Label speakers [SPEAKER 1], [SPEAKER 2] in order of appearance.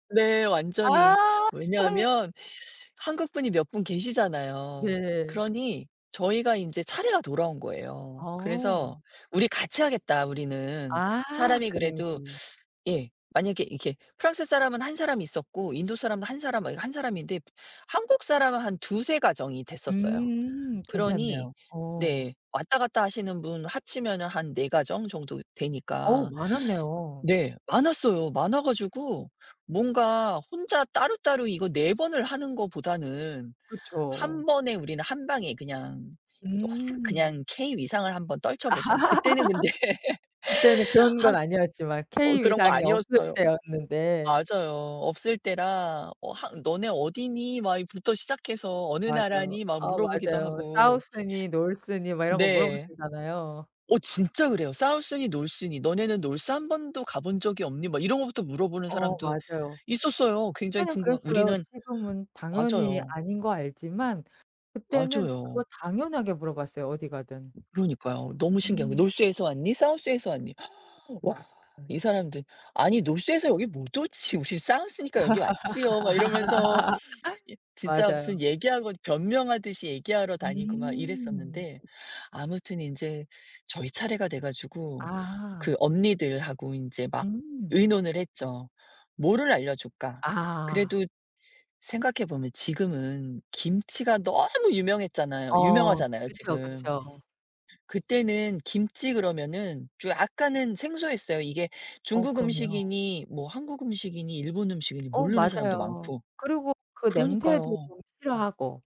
[SPEAKER 1] 네. 완전히.
[SPEAKER 2] 아.
[SPEAKER 1] 왜냐하면 한국 분이 몇 분 계시잖아요.
[SPEAKER 2] 네.
[SPEAKER 1] 그러니 저희가 인제 차례가 돌아온
[SPEAKER 2] 아.
[SPEAKER 1] 거예요. 그래서
[SPEAKER 2] 어.
[SPEAKER 1] 우리 같이 하겠다 우리는.
[SPEAKER 2] 아.
[SPEAKER 1] 사람이 그래도
[SPEAKER 2] 그래야지.
[SPEAKER 1] 예 만약에 이게 프랑스 사람은 한 사람 있었고 인도 사람은 한 사람 막 이거 한 사람인데 프 한국 사람은 한 2-3 가정이 됐었어요.
[SPEAKER 2] 음.
[SPEAKER 1] 그러니
[SPEAKER 2] 괜찮네요. 어.
[SPEAKER 1] 네. 왔다 갔다 하시는 분 합치면은 한 4 가정 정도
[SPEAKER 2] 어우
[SPEAKER 1] 되니까.
[SPEAKER 2] 많았네요.
[SPEAKER 1] 네. 많았어요. 많아 가지고 뭔가 혼자 따로따로 이거 4 번을 하는 거보다는
[SPEAKER 2] 그쵸.
[SPEAKER 1] 1 번에 우리는 한 방에 그냥 또 확
[SPEAKER 2] 음.
[SPEAKER 1] 그냥 K 위상을 한번 떨쳐 보자. 그때는 근데
[SPEAKER 2] 그때는 그런 건
[SPEAKER 1] 한
[SPEAKER 2] 아니었지만
[SPEAKER 1] 어
[SPEAKER 2] K
[SPEAKER 1] 그런 거
[SPEAKER 2] 위상이 없을
[SPEAKER 1] 아니었어요.
[SPEAKER 2] 때였는데.
[SPEAKER 1] 맞아요. 없을 때라 어 한 "너네 어디니?" 막 이 부터 시작해서 "어느
[SPEAKER 2] 맞아요.
[SPEAKER 1] 나라니?" 막
[SPEAKER 2] 아.
[SPEAKER 1] 물어보기도 하고.
[SPEAKER 2] South니 North니 막 이런 거 물어볼
[SPEAKER 1] 네.
[SPEAKER 2] 때잖아요.
[SPEAKER 1] 어 진짜 그래요. "South니 North니?", "너네는 North 1 번도 가 본 적이 없니?" 뭐 이런 거부터 물어보는
[SPEAKER 2] 어
[SPEAKER 1] 사람도
[SPEAKER 2] 맞아요.
[SPEAKER 1] 있었어요. 굉장히
[SPEAKER 2] 그때는
[SPEAKER 1] 궁금한
[SPEAKER 2] 그랬어요.
[SPEAKER 1] 우리는
[SPEAKER 2] 지금은 당연히
[SPEAKER 1] 맞아요.
[SPEAKER 2] 아닌 거 알지만 그때는 그거
[SPEAKER 1] 맞아요.
[SPEAKER 2] 당연하게 물어봤어요. 어디 가든.
[SPEAKER 1] 그러니까요. 너무 신기한 거예요.
[SPEAKER 2] 음.
[SPEAKER 1] "North에서 왔니, South에서 왔니?" 와 이 사람들 아니 North에서 여기 못 오지. "우리 South니까 여기 왔지요." 막 이러면서 이 진짜
[SPEAKER 2] 맞아요.
[SPEAKER 1] 무슨 얘기하고 변명하듯이 얘기하러 다니고 막
[SPEAKER 2] 음.
[SPEAKER 1] 이랬었는데 아무튼 인제 저희 차례가 돼 가지고
[SPEAKER 2] 아.
[SPEAKER 1] 그 언니들하고 인제 막
[SPEAKER 2] 음.
[SPEAKER 1] 의논을 했죠. "뭐를 알려줄까?"
[SPEAKER 2] 아.
[SPEAKER 1] 그래도 생각해 보면 지금은 김치가 너무 유명했잖아요
[SPEAKER 2] 어
[SPEAKER 1] 유명하잖아요
[SPEAKER 2] 그쵸,
[SPEAKER 1] 지금.
[SPEAKER 2] 그쵸.
[SPEAKER 1] 그때는 김치 그러면은 좀 약간은 생소했어요. 이게
[SPEAKER 2] 어
[SPEAKER 1] 중국
[SPEAKER 2] 그럼요.
[SPEAKER 1] 음식이니 뭐 한국 음식이니 일본 음식이니
[SPEAKER 2] 어
[SPEAKER 1] 모르는 사람도
[SPEAKER 2] 맞아요.
[SPEAKER 1] 많고.
[SPEAKER 2] 그리고 그 냄새도
[SPEAKER 1] 그러니까요.
[SPEAKER 2] 좀 싫어하고.